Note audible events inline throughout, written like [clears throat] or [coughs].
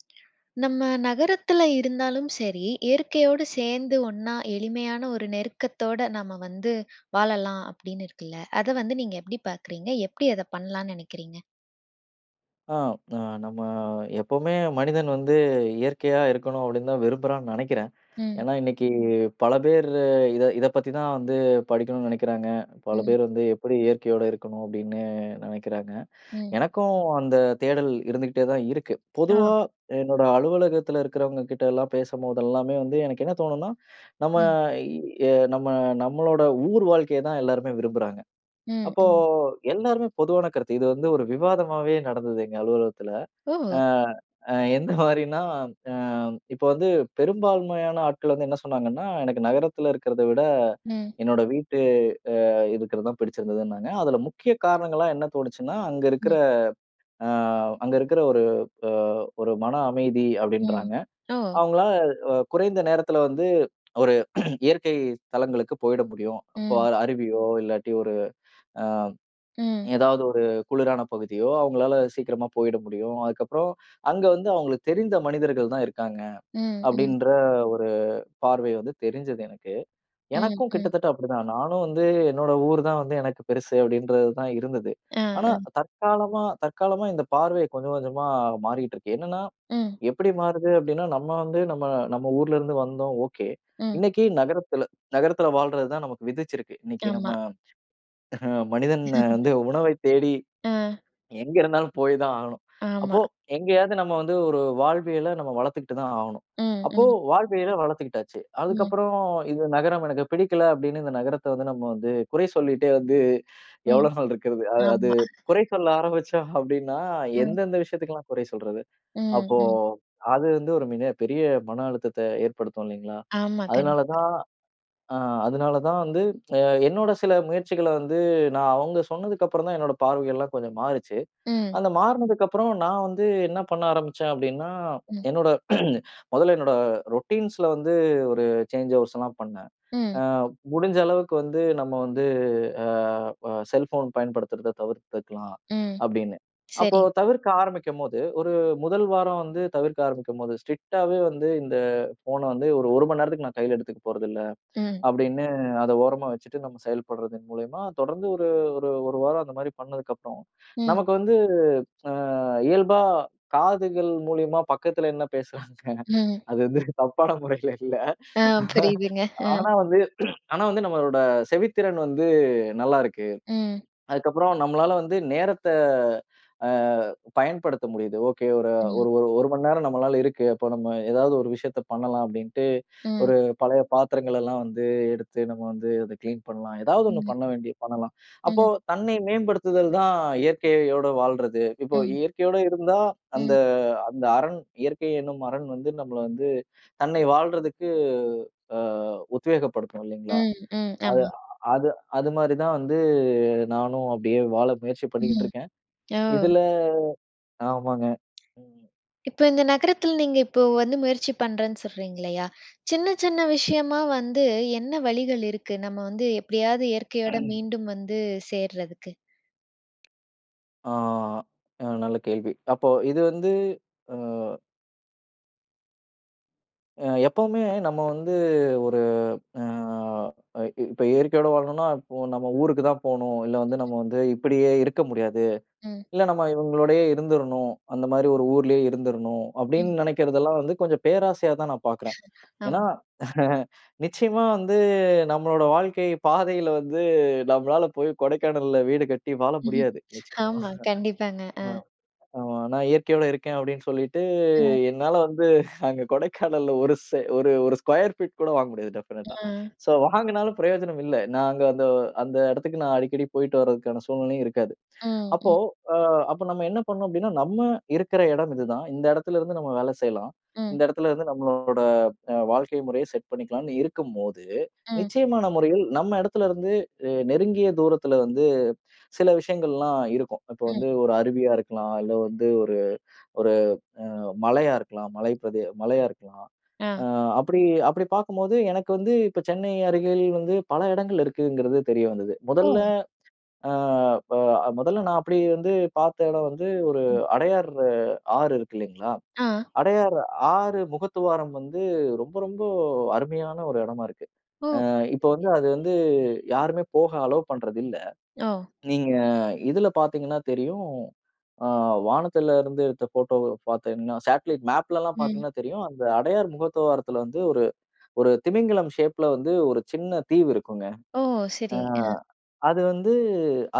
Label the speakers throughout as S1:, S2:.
S1: [smacks lips] நம்ம நகரத்தில இருந்தாலும் சரி. இயற்கையோடு சேர்ந்து ஒண்ணா எளிமையான ஒரு நெருக்கத்தோட, நம்ம வந்து வாழலா அப்படின்னு இருக்குல்ல, அதை வந்து நீங்க எப்படி பார்க்குறிங்க? எப்படி அதை பண்ணலான்னு நினைக்கிறீங்க.
S2: அ அ நம்ம எப்போவுமே மனிதன் வந்து இயற்கையா இருக்கணும் அப்படின்னு தான் விரும்புறான்னு நினைக்கிறேன்.
S1: ம்.
S2: ஏன்னா, இன்னைக்கு பல பேர் இதை இதை பத்தி தான் வந்து படிக்கணும்னு நினைக்கிறாங்க. பல
S1: ம்.
S2: பேர் வந்து எப்படி இயற்கையோடு இருக்கணும் அப்படின்னு நினைக்கிறாங்க.
S1: ம்.
S2: எனக்கும் அந்த தேடல் இருந்துக்கிட்டே தான் இருக்கு.
S1: ஆ.
S2: பொதுவா என்னோட அலுவலகத்தில இருக்கிறவங்க கிட்டலாம் பேசும்போது எல்லாமே வந்து எனக்கு என்ன தோணும்னா, [inhales] நம்ம
S1: ம்.
S2: எ நம்ம நம்மளோட ஊர் வாழ்க்கைய தான் எல்லாருமே விரும்புறாங்க.
S1: ம்,
S2: அப்போ
S1: ம்.
S2: எல்லாருமே பொதுவான கருத்து. இது வந்து ஒரு விவாதமாவே நடந்தது எங்க அலுவலகத்துல. அ
S1: ஓ!
S2: அ எந்த மாரினா அ இப்போ வந்து பெரும்பான்மையான ஆட்கள் வந்து என்ன சொன்னாங்கன்னா, எனக்கு நகரத்தில இருக்கிறத விட
S1: ம்.
S2: என்னோட வீட்டு அ இருக்கிறது தான் பிடிச்சிருந்துன்னாங்க. அதில முக்கிய காரணங்களா என்ன தோணுச்சுன்னா அங்க இருக்கிற,
S1: ம்.
S2: அ அங்க இருக்கிற ஒரு அ ஒரு மன அமைதி
S1: ம்.
S2: அப்படின்றாங்க.
S1: ஓ!
S2: அவங்களா அ குறைந்த நேரத்தில வந்து ஒரு [clears throat] இயற்கை தலங்களுக்கு போயிட முடியும். அப்போ
S1: ம்.
S2: அருவியோ, இல்லாட்டி ஒரு அ
S1: ம்.
S2: ஏதாவது ஒரு குளிரான பகுதியோ அவுங்களால சீக்கிரமா போயிட முடியும். அதுக்கு அப்புறம், அங்க வந்து அவுங்களுக்கு தெரிந்த மனிதர்கள் தான் இருக்காங்க.
S1: ம், ம்.
S2: அப்படின்ற ஒரு பார்வை வந்து தெரிஞ்சது எனக்கு.
S1: ம்,
S2: எனக்கும்
S1: ம்.
S2: கிட்டத்தட்ட அப்படி தான் நானும் வந்து என்னோட ஊர் தான் வந்து எனக்கு பெருசு அப்படின்றது தான் இருந்தது.
S1: ஆ,
S2: ஆனா
S1: ஆ.
S2: தற்காலமா தற்காலமா இந்த பார்வை கொஞ்சம் கொஞ்சமா மாறிக்கிட்டு இருக்கு. என்னன்னா
S1: ம்.
S2: எப்படி மாறுது அப்படின்னா, நம்ம வந்து நம்ம நம்ம ஊர்ல இருந்து வந்தோம் ஒகே.
S1: ம்.
S2: இன்னைக்கு நகரத்தில நகரத்தில வாழ்றது தான் நமக்கு விதித்திருக்கு. இன்னைக்கு நம்ம
S1: ஆமா.
S2: மனிதன் வந்து
S1: [laughs]
S2: உணவை தேடி.
S1: அ.
S2: எங்கே இருந்தாலும் போய் தான் ஆகணும்.
S1: ஆமா.
S2: அப்போ எங்கேயாவது நம்ம வந்து ஒரு வாழ்வியல நம்ம வளர்த்துக்கிட்டு தான் ஆகணும்.
S1: ம்,
S2: அப்போ
S1: ம்.
S2: வாழ்வியல வளர்த்துக்கிட்டாச்சு.
S1: ம்.
S2: அதுக்கப்புறம் இந்த நகரம் எனக்கு பிடிக்கல, அப்படின்னு இந்த நகரத்த வந்து நம்ம வந்து குறை சொல்லிட்டே வந்து
S1: ம்.
S2: எவ்வளோ நாள் இருக்கிறது. அது அது
S1: ஆமா. [laughs]
S2: குறை சொல்ல ஆரம்பிச்சோம் அப்படின்னா,
S1: ம்.
S2: எந்தெந்த விஷயத்துக்கெல்லா குறை சொல்றது?
S1: ம்.
S2: அப்போ
S1: ம்.
S2: அது வந்து ஒரு மிக பெரிய மன அழுத்தத்த ஏற்படுத்தும் இல்லைங்களா?
S1: ஆமா.
S2: அதுனால
S1: கண்டிப்பா.
S2: தான் ஆ அதனால தான் வந்து என்னோட சில முயற்சிகளை வந்து நான் அவங்க சொன்னதுக்கு அப்புறம் தான் என்னோட பார்வைகள் எல்லா கொஞ்சம் மாறுச்சு.
S1: ம்.
S2: அந்த மாறுனதுக்கு அப்புறம் நான் வந்து என்ன பண்ண ஆரம்மிச்சேன் அப்படின்னா,
S1: ம்.
S2: என்னோட [clears throat] முதல்ல என்னோட ரூட்டின்ஸ்ல வந்து ஒரு சேஞ்சு ஓவர்ஸ்ல்லாம் பண்னேன். ஆ
S1: ம்.
S2: முடிஞ்ச அளவுக்கு வந்து நம்ம வந்து அ ப செல்ஃபோன் பயன்படுத்துறத தவிர்த்துக்கலாம்
S1: ம்.
S2: அப்படின்னு. அப்போ
S1: சரிங்க.
S2: தவிர்க்க ஆரம்பிக்கும்போது ஒரு 1 வாரம் வந்து தவிர்க்க ஆரம்பிக்கும்போது, ஸ்ட்ரிக்டாவே வந்து இந்த போன் வந்து ஒரு 1 மணி நேரத்துக்கு நான் கையில எடுத்துக்க போறதில்லை.
S1: ம்.
S2: அப்படின்னு அதை ஓரமா வச்சுட்டு நம்ம செயல்படுறதன் மூலியமா தொடர்ந்து ஒரு ஒரு 1 வாரம் அந்த மாதிரி பண்ணதுக்கு அப்புறம்,
S1: ம்.
S2: நமக்கு வந்து அ இயல்பா காதுகள் மூலியமா பக்கத்துல என்ன பேசுறாங்க.
S1: ம்.
S2: அது வந்து தப்பான முறையில இல்ல.
S1: ஆ. புரியுதுங்க. ஆ
S2: ஆனா வந்து [clears throat] ஆனா வந்து நம்மளோட செவித்திறன் வந்து நல்லா இருக்கு.
S1: ம்.
S2: அதுக்கு அப்புறம் நம்மளால வந்து நேரத்த அ பயன்படுத்த முடியுது. ஒகே ஒரு
S1: ம்.
S2: ஒரு 1 மணி நேரம் நம்மளால இருக்கு. அப்ப நம்ம ஏதாவது ஒரு விஷயத்த பண்ணலாம் அப்படின்ட்டு,
S1: ம்.
S2: ஒரு பழைய பாத்திரங்களலாம் வந்து எடுத்து நம்ம வந்து அதை கிளீன் பண்ணலாம். ஏதாவது ஒண்ணு
S1: ம்.
S2: பண்ண வேண்டி பண்ணலாம். அப்போ
S1: ம்.
S2: தன்னை மேம்படுத்துதல் தான் இயற்கையோட வாழ்றது. இப்போ
S1: ம்.
S2: இயற்கையோடு இருந்தா அந்த
S1: ம்.
S2: அந்த அரண் இயற்கை என்னும் அரண் வந்து நம்மல வந்து தன்னை வாழ்றதற்கு அ உத்வேகப்படுத்தும் இல்லைங்களா?
S1: ம். ம்.
S2: அது
S1: ஆமா.
S2: அது அது மாதிரி தான் வந்து நானும் அப்படியே வாழ முயற்சி பண்ணிக்கிட்டு
S1: ம்.
S2: இருக்கேன்.
S1: ஓ!
S2: இதுல ஆமாங்க.
S1: இப்போ இந்த நகரத்தில நீங்க இப்போ வந்து முயற்சி பண்றேன்னு சொல்றீங்க இல்லையா, சின்ன சின்ன விஷயமா வந்து என்ன வழிகள் இருக்கு? நம்ம வந்து எப்படியாவது இயற்கையோட
S2: [clears throat]
S1: மீண்டும் வந்து சேர்றதுக்கு?
S2: அ ஆ. நல்ல கேள்வி. அப்போ இது வந்து அ அ எப்பவுமே நம்ம வந்து ஒரு அ இ இப்போ இயற்கையோட வாழணும்னா, இப்போ நம்ம ஊருக்கு தான் போணும். இல்ல வந்து நம்ம வந்து இப்படியே இருக்க முடியாது.
S1: ம்.
S2: இல்ல நம்ம இவங்களோடையே இருந்தரனும். அந்த மாதிரி ஒரு ஊர்லயே இருந்தரனும்
S1: ம்.
S2: அப்படின்னு நினைக்கிறதெல்லாம் வந்து கொஞ்சம் பேராசையா தான் நான் பார்க்குறேன்.
S1: [chuckles] ஆமா.
S2: ஏன்னா? [laughs] நிச்சயமா வந்து நம்மளோட வாழ்க்கை பாதையில வந்து, நம்மளால போய் கொடைக்கானல்ல வீடு கட்டி வாழ முடியாது. நிச்சயமா,
S1: ஆமா, கண்டிப்பாங்க, ஆ.
S2: ஆ. ஆமா. "நான் இயற்கையோடு இருக்கேன்." அப்படின்னு சொல்லிட்டு
S1: ம்.
S2: என்னால வந்து அங்க கொடைக்கானல்ல ஒரு செ ஒரு ஒரு ஸ்கொயர் பீட் கூட வாங்க முடியாது, டெஃபனட்டா.
S1: ம்.
S2: சோ வாங்கினாலும் பிரயோஜனம் இல்ல. நாங்க அந்த அந்த இடத்துக்கு நான் அடிக்கடி போயிட்டு வரதுக்கான சூழ்நிலையும் இருக்காது.
S1: ம்,
S2: அப்போ
S1: ம்.
S2: அ அப்போ நம்ம என்ன பண்ணும் அப்படின்னா, நம்ம இருக்கிற இடம் இதுதான். இந்த இடத்தில இருந்து நம்ம வேலை செய்யலாம்.
S1: ம்.
S2: இந்த இடத்தில இருந்து நம்மளோட அ வாழ்க்கை முறைய செட் பண்ணிக்கலாம்னு இருக்கும்போது,
S1: ம்.
S2: நிச்சயமான முறையில் நம்ம இடத்துல இருந்து அ நெருங்கிய தூரத்தில வந்து சில விஷயங்கள்லாம் இருக்கும். இப்போ
S1: ம்.
S2: வந்து ஒரு அருவியா இருக்கலாம். இல்ல வந்து ஒரு ஒரு அ மலையா இருக்கலாம், மலை பிரதி மலையா இருக்கலாம்.
S1: ஆ.
S2: அ அப்படி அப்படி பார்க்கும்போது எனக்கு வந்து இப்ப சென்னை அருகில வந்து பல இடங்கள் இருக்குங்கிறது தெரிய வந்தது. முதல்ல
S1: ஓ!
S2: அ ப முதல்ல நான் அப்படி வந்து பார்த்த இடம் வந்து ஒரு அடையாறு ஆறு இருக்கு இல்லைங்களா!
S1: ஆ.
S2: அடையாறு ஆறு முகத்துவாரம் வந்து ரொம்ப, ரொம்ப அருமையான ஒரு இடமா இருக்கு!
S1: ஓ!
S2: அ இப்போ வந்து
S1: சரிங்க.
S2: அது வந்து யாருமே போக அலோ பண்றது இல்ல.
S1: ஓ!
S2: நீங்க இதில பார்த்தீங்கன்னா தெரியும். அ வானத்தில இருந்து எடுத்த ஃபோட்டோவ பார்த்தீங்கன்னா, சேட்டலைட் மேப்லல்லாம்
S1: ம்.
S2: பார்த்தீங்கன்னா தெரியும். அந்த அடையார் முகத்துவாரத்தில வந்து ஒரு ஒரு திமிங்கலம் ஷேப்பில வந்து ஒரு சின்ன தீவு இருக்குங்க.
S1: ஓ! சரி,
S2: அ
S1: ஆ.
S2: அது வந்து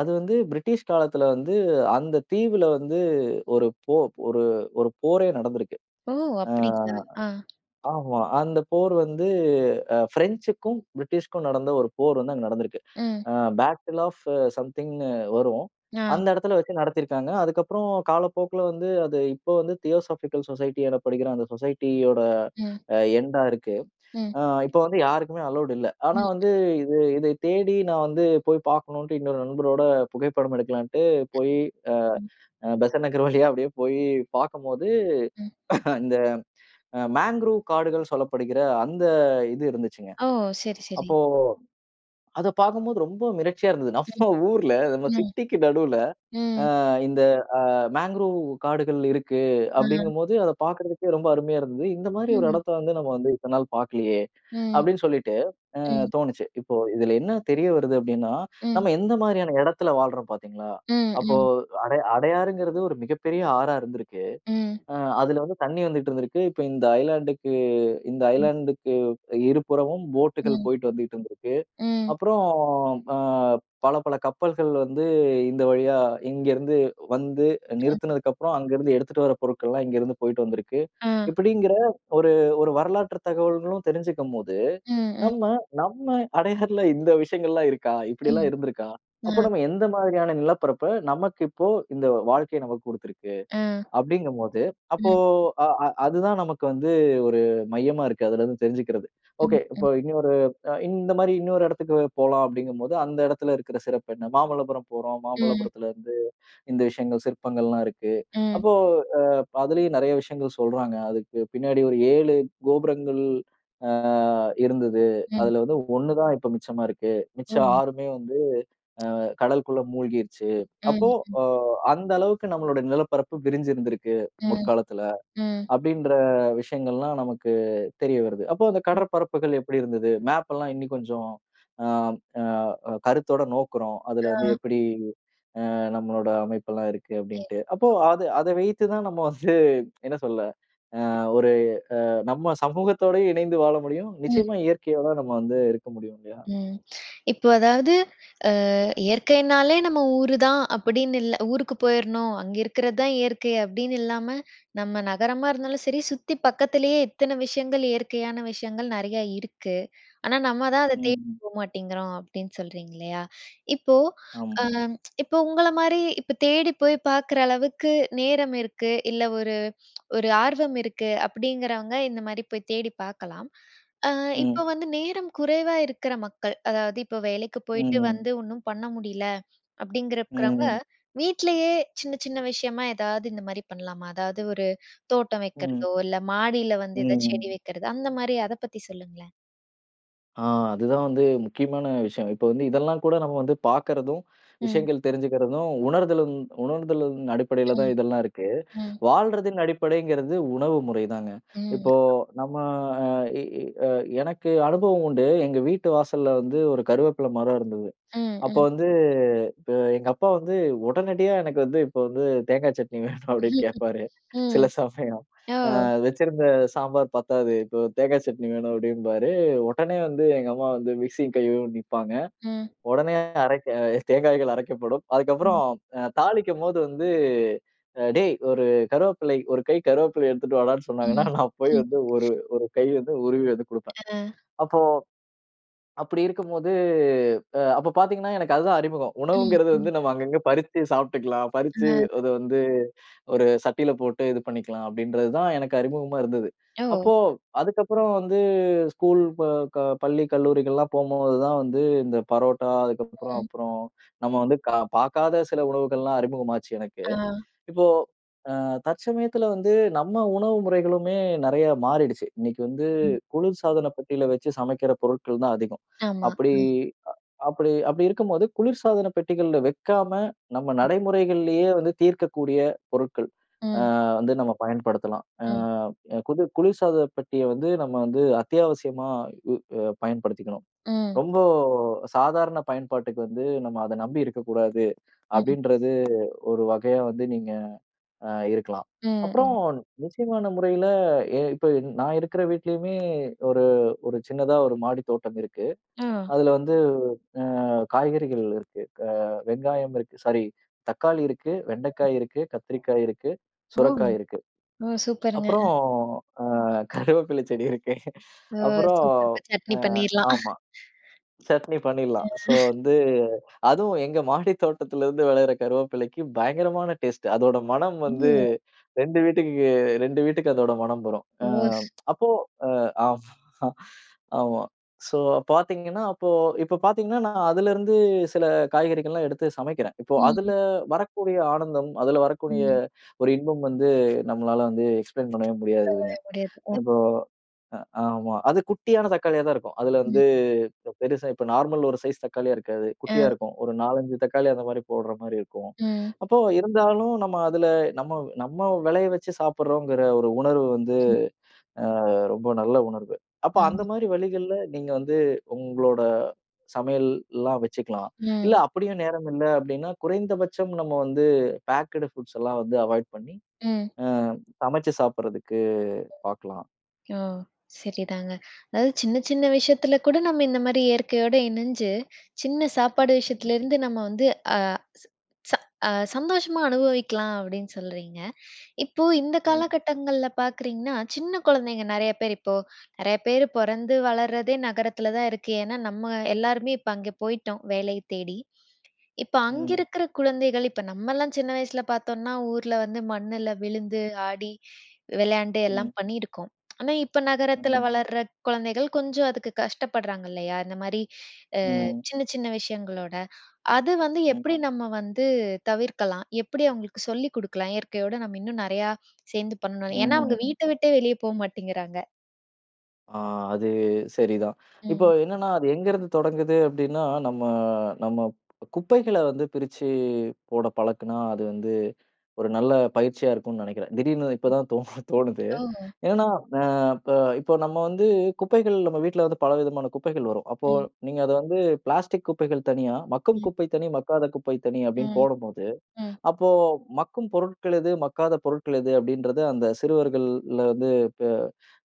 S2: அது வந்து பிரிட்டிஷ் காலத்தில வந்து அந்த தீவில வந்து ஒரு போ ஒரு ஒரு போரே நடந்திருக்கு.
S1: ஓ!
S2: அ
S1: அப்படிங்களா, ஆ.
S2: ஆமா, அந்த போர் வந்து அ ஃப்ரெஞ்சுக்கும் பிரிட்டிஷ்க்கும் நடந்த ஒரு போர் வந்து அங்க நடந்திருக்கு.
S1: ம்.
S2: அ பாட்டில் ஆஃப் சம்திங்னு வரும்.
S1: ஆ.
S2: அந்த இடத்துல வச்சு நடத்திருக்காங்க. அதுக்கப்புறம் காலப்போக்கில வந்து அது இப்போ வந்து தியோசஃபிக்கல் சொசைட்டி எனப்படுகிற அந்த சொசைட்டியோட
S1: ம்.
S2: அ எண்டா இருக்கு.
S1: ம்.
S2: அ இப்போ வந்து யாருக்குமே அலவுட் இல்லை. ஆனா
S1: ம்.
S2: வந்து இது இதை தேடி நான் வந்து போய் பார்க்கணும்ட்டு, இன்னொரு நண்பரோட புகைப்படம் எடுக்கலாம்ன்ட்டு போய் அ
S1: ம்.
S2: பெசன் நகர் வழியா அப்படியே போயி பார்க்கும்போது,
S1: ம்.
S2: [coughs] இந்த மாங்கரூவ் காடுகள் சொல்லப்படுகிற அந்த இது இருந்துச்சுங்க.
S1: ஓ! சரி, சரி.
S2: அப்போ அதை பார்க்கும்போது ரொம்ப மிரட்சியா இருந்தது.
S1: ம்,
S2: நம்ம ஊர்ல, நம்ம
S1: ம்,
S2: சிட்டிக்கு நடுவில
S1: ம்.
S2: அ இந்த அ மாங்கரூவ் காடுகள் இருக்கு
S1: ம்.
S2: அப்படிங்கும்போது அதை பார்க்கறதுக்கே ரொம்ப அருமையா இருந்தது. "இந்த மாதிரி ஒரு
S1: ம்.
S2: இடத்த வந்து நம்ம வந்து இத்தன நாள் பார்க்கலையே?"
S1: ம்,
S2: அப்படின்னு சொல்லிட்டு, அ
S1: ம்.
S2: தோணுச்சு. இப்போ இதில என்ன தெரிய வருது அப்படின்னா,
S1: ம்.
S2: நம்ம எந்த மாதிரியான இடத்தில வாழ்றோம் பார்த்தீங்களா?
S1: ம்,
S2: அப்போ
S1: ம்.
S2: அடை அடையாறுங்கிறது ஒரு மிகப்பெரிய ஆறா இருந்திருக்கு.
S1: ம்.
S2: அ அதில வந்து தண்ணி வந்துட்டிருந்திருக்கு. இப்போ இந்த ஐலேண்ட்க்கு இந்த
S1: ம்.
S2: ஐலேண்ட்க்கு இருபுறமும் போட்டுகள்
S1: ம்.
S2: போயிட்டு வந்துட்டிருந்திருக்கு.
S1: ம்.
S2: அப்புறம் அ பல பல கப்பல்கள் வந்து இந்த வழியா இங்கிருந்து வந்து
S1: ம்.
S2: நிறுத்துனதுக்கு அப்புறம், அங்கிருந்து எடுத்துட்டு வர பொருட்கள்லாம், இங்கிருந்து போயிட்டு வந்திருக்கு.
S1: ஆ.
S2: இப்படிங்கிற ஒரு ஒரு வரலாற்றுத் தகவல்களும் தெரிஞ்சுக்கும் போது,
S1: ம், ம்.
S2: நம்ம நம்ம அடையாறுல இந்த விஷயங்கள்லாம் இருக்கா? இப்படியெல்லாம்
S1: ம்,
S2: இருந்திருக்கா? அப்போ
S1: ஆ.
S2: நாம எந்த மாதிரியான நிலப்பரப்ப, நமக்கு இப்போ இந்த வாழ்க்கை நமக்கு குடுத்திருக்கு.
S1: ஆ.
S2: அப்படிங்கும்போது அப்போ
S1: ம்.
S2: அ அ அது தான் நமக்கு வந்து ஒரு மையமா இருக்கு, அதுலிருந்து தெரிஞ்சுக்கிறது.
S1: ம்,
S2: "ஓகே இப்போ
S1: ம்.
S2: இன்னொரு இந்த மாதிரி இன்னொரு இடத்துக்கு போலாம்." அப்படிங்கும்போது அந்த இடத்தில இருக்கற சிறப்பு என்ன? மாமல்லபுரம் போறோம்,
S1: ம்.
S2: மாமல்லபுரத்தில இருந்து இந்த விஷயங்கள் சிற்பங்கள்லாம் இருக்கு.
S1: ம்.
S2: அப்போ அ அதுலயும் நிறைய விஷயங்கள் சொல்றாங்க. அதுக்கு பின்னாடி ஒரு 7 கோபுரங்கள் அ இருந்தது.
S1: ம்.
S2: அதில வந்து 1 தான் இப்போ மிச்சமா இருக்கு. மிச்சம்
S1: ஓ!
S2: 6மே வந்து அ கடலுக்குள்ள மூழ்கிருச்சு. அப்போ
S1: ம், ம்.
S2: அ அந்த அளவுக்கு நம்மளுடைய நிலப்பரப்பு விரிஞ்சிருந்திருக்கு
S1: ம்,
S2: முற்காலத்தில,
S1: ம்.
S2: அப்படின்ற விஷயங்கள்லாம் நமக்கு தெரிய வருது. அப்போ அந்த கடற்பரப்புகள் எப்படி இருந்தது? மேப் எல்லாம் இன்னும் கொஞ்சம் அம் அ அ கருத்தோடு நோக்குறோம். அதில வந்து
S1: ஆ.
S2: எப்படி அ நம்மளோட அமைப்பெல்லாம் இருக்கு, அப்படின்ட்டு. அப்போ
S1: [unintelligible]
S2: அது அதை வைத்து தான் நம்ம வந்து, என்ன சொல்ல? அ ஒரு அ நம்ம சமூகத்தோடு இணைந்து வாழ முடியும்.
S1: ம்.
S2: நிச்சயமா இயற்கையோட நம்ம வந்து இருக்க முடியும், இல்லையா?
S1: ம். இப்போ அதாவது, அ இயற்கைனாலே நம்ம ஊருதான் அப்படின்னு இல்ல. ஊருக்கு போயிரணும், அங்க இருக்கறது தான் இயற்கை அப்படின்னு இல்லாம. நம்ம நகரமா இருந்தாலும் சரி, சுத்தி பக்கத்திலயே எத்தன விஷயங்கள் இயற்கையான விஷயங்கள் நெறையா இருக்கு. ஆனா நம்ம தான் அத
S2: ம்,
S1: தேடி
S2: ம்.
S1: போ மாட்டேங்கிறோம் அப்படின்னு சொல்றீங்க இல்லையா? இப்போ அ
S2: ஆமா.
S1: இப்போ உங்கள மாரி இப்போ தேடி போய் பார்க்குற அளவுக்கு நேரம் இருக்கு. இல்ல ஒரு ஒரு ஆர்வம் இருக்கு, அப்படிங்கிறவங்க இந்த மாதிரி போய் தேடி பார்க்கலாம். அ இப்போ
S2: ம்.
S1: வந்து நேரம் குறைவா இருக்கிற மக்கள், அதாவது இப்போ வேலைக்கு
S2: ம்,
S1: போய்ட்டு
S2: ம்.
S1: வந்து ஒன்னும் பண்ண முடியல,
S2: ம்,
S1: அப்படிங்கிறவங்க
S2: ம்.
S1: வீட்டிலயே சின்ன சின்ன விஷயமா ஏதாவது இந்த மாதிரி பண்ணலாமா? அதாவது ஒரு தோட்டம்
S2: ம்.
S1: வைக்கிறதோ, இல்ல மாடியில
S2: ம்,
S1: வந்து ஏதாவது செடி
S2: ம்.
S1: வைக்கிறதோ, அந்த மாதிரி அதை பத்தி சொல்லுங்களேன்.
S2: ஆ அதுதான் வந்து முக்கியமான விஷயம். இப்ப வந்து இதெல்லாம் கூட நம்ம வந்து பாக்கறதும்,
S1: ம்.
S2: விஷயங்கள் தெரிஞ்சுக்கிறதும், உணர்தலும் உணர்தலின் அடிப்படையில
S1: ம்.
S2: தான் இதெல்லாம் இருக்கு.
S1: ம்.
S2: வாழ்றதின் அடிப்படைங்கிறது உணவு முறைதாங்க.
S1: ம்.
S2: இப்போ நம்ம எ எ எனக்கு அனுபவம் உண்டு. எங்க வீட்டு வாசல்ல வந்து ஒரு கருவேப்பில மரம் இருந்தது.
S1: ம்,
S2: அப்போ
S1: ம்.
S2: வந்து எங்க அப்பா வந்து, "உடனடியா எனக்கு வந்து இப்போ வந்து தேங்காய் சட்னி வேணும்." அப்படின்னு
S1: ம்ஹ்ம்.
S2: கேட்பாரு
S1: ம்.
S2: சில சமயம்." அ
S1: ஓ!
S2: வச்சிருந்த சாம்பார் பத்தாது, இப்போ தேங்கா சட்னி வேணும்." அப்டிம்பாரு. உடனே வந்து எங்க அம்மா வந்து மிக்ஸியும் கையும் நிப்பாங்க.
S1: ம்.
S2: உடனே அரைக்க தேங்காய்கள் அரைக்கப்படும்.
S1: ம்.
S2: அதுக்கப்புறம் தாளிக்கும்போது வந்து, அ டேய் 1 கருவேப்பிலை, 1 கை கருவேப்பிலை எடுத்துட்டு வாடான்னு சொன்னாங்கன்னா,
S1: ம்.
S2: நான் போய்
S1: ம்.
S2: வந்து 1, 1 கை வந்து உருவி வந்து குடுப்பேன்.
S1: அ.
S2: அப்போ, அப்படி இருக்கும்போது அப்ப பாத்தீங்கன்னா எனக்கு அதுதான் அறிமுகம்.
S1: ம்,
S2: "உணவுங்கிறது
S1: ம்.
S2: வந்து நம்ம அங்கங்க பறிச்சு சாப்ட்டுக்கலாம், பறிச்சு
S1: அ.
S2: அது வந்து ஒரு சட்டில போட்டு இது பண்ணிக்கலாம்." அப்டின்றது தான் எனக்கு அறிமுகமா இருந்தது.
S1: ஓ!
S2: அப்போ அதுக்கப்புறம் வந்து ஸ்கூல், ப க பள்ளி, கல்லூரிகள்லாம் போம்போது தான் வந்து இந்த பரோட்டா, அதுக்கப்பறம்
S1: அ.
S2: அப்பறம் நம்ம வந்து க பார்க்காத சில உணவுகள்லாம் அறிமுகமாச்சு எனக்கு.
S1: ஆ.
S2: இப்போ அ தற்சமயத்துல வந்து, நம்ம உணவு முறைகளுமே நெறைய மாறிடுச்சு. இன்னைக்கு வந்து
S1: ம்.
S2: குளிர்சாதன பெட்டில வச்சு சமைக்கிற பொருட்கள் தான் அதிகம்.
S1: ஆமா,
S2: அப்படி
S1: அ.
S2: அப்படி அப்படி இருக்கும்போது குளிர்சாதன பெட்டிகள்ல வைக்காம, நம்ம நடைமுறைகள்லேயே வந்து தீர்க்கக்கூடிய பொருட்கள், அ
S1: ம்.
S2: வந்து நம்ம பயன்படுத்தலாம். அ
S1: ம்.
S2: குது குளிர்சாதன பெட்டிய வந்து, நம்ம வந்து அத்தியாவசியமா உ பயன்படுத்திக்கணும்.
S1: ம்.
S2: "ரொம்போ சாதாரண பயன்பாட்டுக்கு வந்து நம்ம அத நம்பி இருக்கக்கூடாது."
S1: ம்.
S2: அப்படின்றது ஒரு வகையா வந்து நீங்க அ இருக்கலாம்.
S1: ம்.
S2: அப்பறம்
S1: [unintelligible]
S2: நிச்சயமான முறையில எ இப்ப நா இருக்கற வீட்லயுமே ஒரு ஒரு சின்னதா ஒரு மாடி தோட்டம் இருக்கு.
S1: ஒ!
S2: அதுல வந்து அ காய்கறிகள் இருக்கு. க வெங்காயம் இருக்கு. சாரி தக்காளி இருக்கு,
S1: ம்.
S2: வெண்டைக்காய் இருக்கு, கத்திரிக்காய் இருக்கு,
S1: ஓ!
S2: சுரக்காய் இருக்கு.
S1: ஓ! சூப்பருங்க.
S2: அப்பறம் அ கருவேப்பில செடி இருக்கு.
S1: ஓ!
S2: அப்புறம்
S1: சூப்பர்ங்க. சட்னி
S2: அ
S1: பண்ணீர்லாம்.
S2: ஆமா. சட்னி பண்ணிடலாம். சோ
S1: [chuckles] [unintelligible]
S2: வந்து அதுவும் எங்க மாடி தோட்டத்துல இருந்து விளையிற கருவேப்பிலைக்கு பயங்கரமான டேஸ்ட்டு. அதோட மணம்
S1: ம்.
S2: வந்து
S1: ஓ.
S2: 2 வீட்டுக்கு, 2 வீட்டுக்கு அதோட மணம் வரும்.
S1: ஓ!
S2: அ
S1: ஸ்.
S2: அப்போ அ ஆமா, ஆமா. சோ பாத்தீங்கன்னா, அப்போ இப்ப பாத்தீங்கன்னா நான் அதுல இருந்து சில காய்கறிகள்லாம் எடுத்து சமைக்கிறேன். இப்போ அதுல
S1: ம்.
S2: வரக்கூடிய ஆனந்தம், அதுல வரக்கூடிய
S1: ம்.
S2: ஒரு இன்பம் வந்து, நம்மளால வந்து எக்ஸ்பிளைன் பண்ணவே முடியாததுங்க.
S1: [unintelligible] முடியாது அ.
S2: இப்போ அ ஆமா. அது குட்டியான தக்காளியா தான் இருக்கும். அதுல
S1: ம்.
S2: வந்து பெருசா இப்போ நார்மல் ஒரு சைஸ் தக்காளியா இருக்காது, குட்டியா
S1: அ.
S2: இருக்கும். ஒரு 4,5 தக்காளி அந்த மாரி போடுற மாரி இருக்கும்.
S1: ம்.
S2: அப்போ இருந்தாலும் நம்ம அதுல நம்ம நம்ம வெளைய வச்சு சாப்பிடுறோம்ங்கிற ஒரு உணர்வு வந்து
S1: [unintelligible]
S2: அ ரொம்ப நல்ல உணர்வு. அப்ப அந்த
S1: அம்.
S2: மாரி வழிகள்ல நீங்க வந்து உங்களோட சமையல்லாம் வச்சுக்கலாம். இல்ல
S1: ஓ.
S2: அப்படியும் நேரமில்ல, அப்படீன்னா குறைந்தபட்சம் நம்ம வந்து பேக்டு ஃபுட்ஸ் எல்லாம் வந்து அவாயிட் பண்ணி,
S1: ம்.
S2: அ சமச்சு சாப்பிடுறதுக்கு பார்க்கலாம்.
S1: ஓ! சரிதாங்க. "அதாவது, சின்ன சின்ன விஷயத்துல கூட நம்ம இந்த மாரி இயற்கையோட இணஞ்சு, சின்ன சாப்பாடு
S2: [unintelligible]
S1: விஷயத்துலருந்து நம்ம வந்து அ ச ச சந்தோஷமா அனுபவிக்கலாம்." அப்படீன்னு சொல்றீங்க. இப்போ இந்த
S2: ம்.
S1: காலகட்டங்கள்ல பார்க்குறீங்கன்னா, சின்ன குழந்தைங்க நெறைய பேரு இப்போ நெறைய பேரு பொறந்து, வளர்றதே நகரத்துல தான் இருக்கு. ஏன்னா நம்ம எல்லாருமே இப்ப அங்கே போயிட்டோம், வேலை தேடி. இப்ப அங்க
S2: ம்.
S1: இருக்கிற குழந்தைகள் இப்ப நம்ம எல்லாம் சின்ன வயசுல பார்த்தோம்னா, ஊர்ல வந்து மண்ணுல விழுந்து, ஆடி, விளையாண்டு, எல்லாம்
S2: ம்.
S1: பண்ணி இருக்கோம். ஆனா இப்ப நகரத்துல
S2: ம்.
S1: வளர்ற குழந்தைகள், கொஞ்சம் அதுக்கு கஷ்டப்படுறாங்க இல்லையா? இந்த மாரி அ
S2: ம்.
S1: சின்ன சின்ன விஷயங்களோட. அது வந்து
S2: ம்.
S1: எப்படி நம்ம வந்து தவிர்க்கலாம்? எப்படி அவங்களுக்கு சொல்லி குடுக்கலாம்? இயற்கையோட நம்ம இன்னும் நெறைய சேர்ந்து பண்ணனும்னு? ஏன்னா அவங்க
S2: [unintelligible]
S1: வீட்ட விட்டே வெளிய போ மாட்டேங்கிறாங்க.
S2: ஆ. அது சரி தான். [inhales] இப்போ
S1: ம்.
S2: என்னன்னா, அது எங்கே இருந்து தொடங்குது அப்பிடின்னா, நம்ம நம்ம ப் குப்பைகளை வந்து பிரிச்சி போட பழக்குன்னா அது வந்து ஒரு நல்ல பயிற்சியா இருக்குன்னு நினைக்கிறேன். திடீர்ன்னு
S1: ம்.
S2: இப்பதான் தோணு தோணுது.
S1: ஓ!
S2: [inhales] என்னன்னா, அ இப்ப இப்ப நம்ம வந்து. குப்பைகள் நம்ம வீட்ல வந்து பலவிதமான குப்பைகள் வரும். அப்போ
S1: ம்.
S2: நீங்க அத வந்து பிளாஸ்டிக் குப்பைகள் தனியா, மக்கும்
S1: ம்.
S2: குப்பை தனி, மக்காத குப்பை தனி அப்பிடின்னு
S1: ம்,
S2: போடும்போது, [inhales]
S1: ம்.
S2: அப்போ மக்கும் பொருட்கள் எது, மக்காத பொருட்கள் எது, அப்பிடின்றது அந்த சிறுவர்கள்ல வந்து [inhales] இப்ப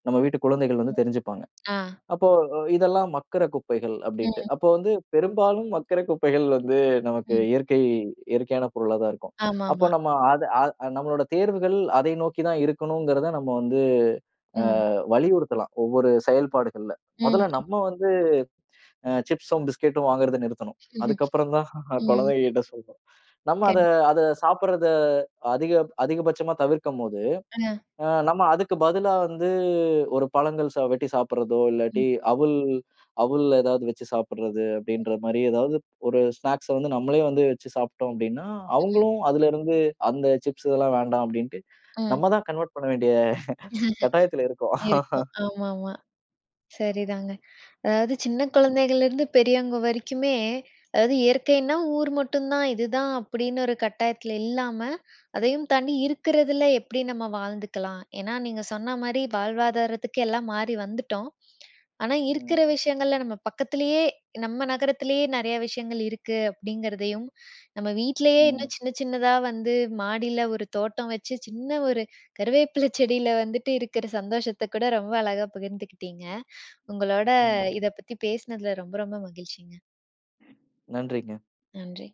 S2: நம்ம வீட்டு குழந்தைகள் வந்து
S1: ம்.
S2: தெரிஞ்சிப்பாங்க.
S1: ஆ.
S2: அப்போ இதெல்லாம் மக்குற குப்பைகள் அப்பிடின்னுட்டு,
S1: ம்.
S2: [inhales] அப்போ வந்து பெரும்பாலும் மக்கிற குப்பைகள் வந்து நமக்கு
S1: ம்.
S2: இயற்கை இயற்கையான பொருளா தான் இருக்கும்.
S1: ஆமாமா.
S2: அப்ப நம்ம அத அத அ நம்மளோட தேர்வுகள் அதை நோக்கி தான் இருக்கணுங்கிறத நம்ம வந்து, அ
S1: ம்.
S2: வலியுறுத்தலாம். ஒவ்வொரு செயல்பாடுகள்ல, முதல்ல
S1: ம்.
S2: நம்ம வந்து [inhales] அ சிப்ஸ்சும், பிஸ்கேட்டும் வாங்குறத நிறுத்தணும். அதுக்கு
S1: [laughs]
S2: அப்புறந்தான்
S1: ம்.
S2: குழந்தைகக்கிட்ட சொல்லணும். [inhales] நம்ம அத
S1: கண்
S2: அத சாப்பிட்றத அதிக அதிகபட்சமா தவிர்க்கும்போது,
S1: ஆ.
S2: அ நம்ம அதுக்கு பதிலா வந்து ஒரு பழங்கள் சா வெட்டி சாப்பிடுறதோ,
S1: ம்.
S2: இல்லாட்டி அவுல் அவுல்ல ஏதாவது வச்சு சாப்பிடுறது
S1: அ.
S2: அப்பிடின்றமாரி ஏதாவது ஒரு ஸ்நாக்ஸ வந்து நம்மளே வந்து வச்சு சாப்பிட்டோம் அப்பிடின்னா,
S1: ம்.
S2: அவுங்களும் அதிலருந்து அந்த சிப்ஸ் இதெல்லாம் வேண்டாம் அப்பிடின்ட்டு, [inhales]
S1: அ.
S2: நம்ம தான் கன்வெர்ட் பண்ண வேண்டிய கட்டாயத்தில இருக்கோம்.
S1: இருக்கும். ஆமாமா. சரிதாங்க. [inhales] அதாவது சின்ன குழந்தைகள்லேருந்து பெரியவங்க வரைக்குமே அதாவது இயற்கைன்னா ஊர் மட்டும் தான். இதுதான் அப்பிடின்னு ஒரு கட்டாயத்தில இல்லாம அதையும் தாண்டி இருக்கிறதில எப்படி நம்ம வாழ்ந்துக்கலாம். ஏன்னா, நீங்க சொன்னமாரி வாழ்வாதாரத்துக்கு எல்லாம் மாறி வந்துட்டோம். [clicks tongue] ஆனா, இருக்கிற
S2: ம்.
S1: விஷயங்கள்ல நம்ம பக்கத்திலேயே நம்ம நகரத்திலேயே நிறைய விஷயங்கள் இருக்கு. அப்பிடிங்கிறதையும் [inhales] நம்ம வீட்டிலேயே இன்னும்
S2: ம்.
S1: சின்ன சின்னதா வந்து மாடியில ஒரு தோட்டம் வச்சு சின்ன ஒரு கறிவேப்பிலை செடில வந்துவிட்டு இருக்கிற சந்தோஷத்த கூட ரொம்ப அழகாக பகிர்ந்துகிட்டீங்க. [inhales] உங்களோட
S2: ம்.
S1: இத பத்தி பேசினதில ரொம்ப ரொம்ப மகிழ்ச்சிங்க.
S2: நன்றிங்க.
S1: நன்றி.